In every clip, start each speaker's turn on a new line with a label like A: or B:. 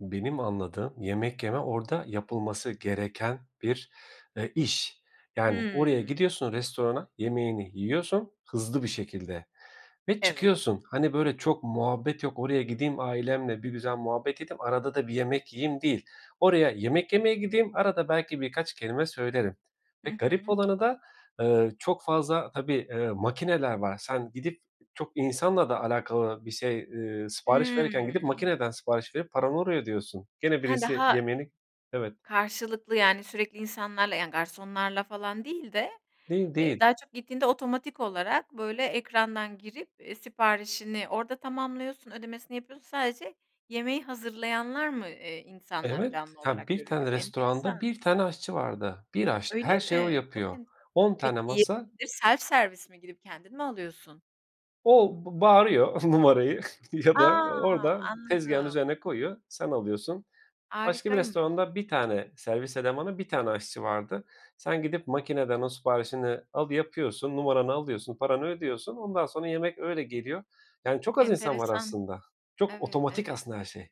A: Benim anladığım yemek yeme orda yapılması gereken bir, eee, iş. Yani, oraya
B: Hıı.
A: gidiyorsun restorana yemeğini yiyorsun hızlı bir şekilde ve
B: Evet.
A: çıkıyorsun. Hani, böyle, çok muhabbet yok. Oraya gideyim ailemle bir güzel muhabbet edeyim. Arada da bir yemek yiyeyim, değil. Oraya yemek yemeye gideyim. Arada belki birkaç kelime söylerim
B: Hı
A: ve garip
B: hı.
A: olanı da, eee, çok fazla, tabii, eee, makineler var. Sen gidip çok insanla da alakalı bir şey, eee, sipariş
B: Hıı.
A: verirken gidip makineden sipariş verip paranı oraya ödüyorsun. Gene
B: Ha,
A: birisi
B: daha
A: yemeğini Evet.
B: karşılıklı, yani, sürekli insanlarla, yani, garsonlarla falan değil de,
A: Değil,
B: eee,
A: değil.
B: daha çok gittiğinde otomatik olarak, böyle, ekrandan girip, eee, siparişini orda tamamlıyorsun, ödemesini yapıyorsun. Sadece yemeği hazırlayanlar mı, eee, insanlar
A: Evet.
B: canlı
A: Ya,
B: olarak
A: 1
B: görünüyor?
A: tane
B: Enteresan.
A: restoranda 1 tane aşçı vardı. 1 aşçı.
B: Öyle
A: Her şeyi o
B: mi? Çok
A: yapıyor.
B: enteresan.
A: 10 tane
B: Peki,
A: masa
B: yemekleri self-service mi, gidip kendin mi alıyorsun?
A: O, b bağırıyor numarayı ya da
B: A!
A: orada tezgâhın
B: Anladım.
A: üzerine koyuyor, sen alıyorsun. Başka bir
B: Harikaymış.
A: restoranda 1 tane servis elemanı, 1 tane aşçı vardı. Sen gidip makineden o siparişini alı yapıyorsun, numaranı alıyorsun, paranı ödüyorsun ondan sonra yemek öyle geliyor. Yani, çok az insan var
B: Enteresan.
A: aslında, çok
B: Evet,
A: otomatik
B: evet.
A: aslında her şey.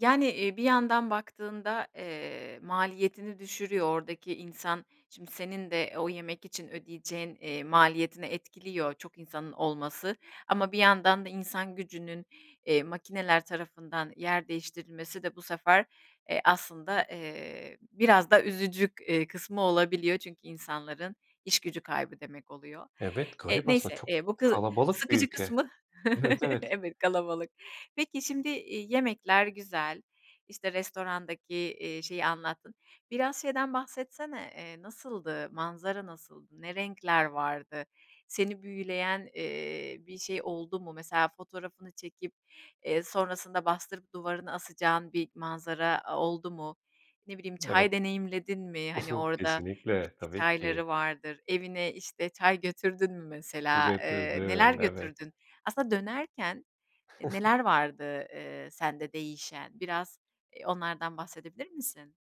B: Yani, eee, bir yandan baktığında, eee, maliyetini düşürüyor ordaki insan. Şimdi senin de o yemek için ödeyeceğin, eee, maliyetini etkiliyor çok insanın olması ama bir yandan da insan gücünün, eee, makineler tarafından yer değiştirilmesi de bu sefer, eee, aslında, eee, biraz da üzücü k eee, kısmı olabiliyor. Çünkü insanların iş gücü kaybı demek oluyor.
A: Evet.
B: Eee,
A: Garip aslında
B: neyse,
A: çok
B: eee, bu kı
A: kalabalık bir
B: sıkıcı
A: ülke.
B: kısmı
A: Evet, evet.
B: Evet, kalabalık. Peki, şimdi, iii, yemekler güzel, işte, restorandaki, iii, şeyi anlattın. Biraz şeyden bahsetsene, eee, nasıldı? Manzara nasıldı? Ne renkler vardı? Seni büyüleyen, eee, bir şey oldu mu, mesela fotoğrafını çekip, eee, sonrasında bastırıp duvarını asacağın bir manzara a oldu mu, ne bileyim
A: Evet.
B: çay deneyimledin mi? Hani, orda
A: Kesinlikle.
B: bitki
A: Tabii ki.
B: çayları vardır. Evine, işte, çay götürdün mü mesela? Eee, neler
A: Getirdim. Evet.
B: götürdün? Aslında dönerken, eee, neler vardı, eee, sende değişen? Biraz, eee, onlardan bahsedebilir misin?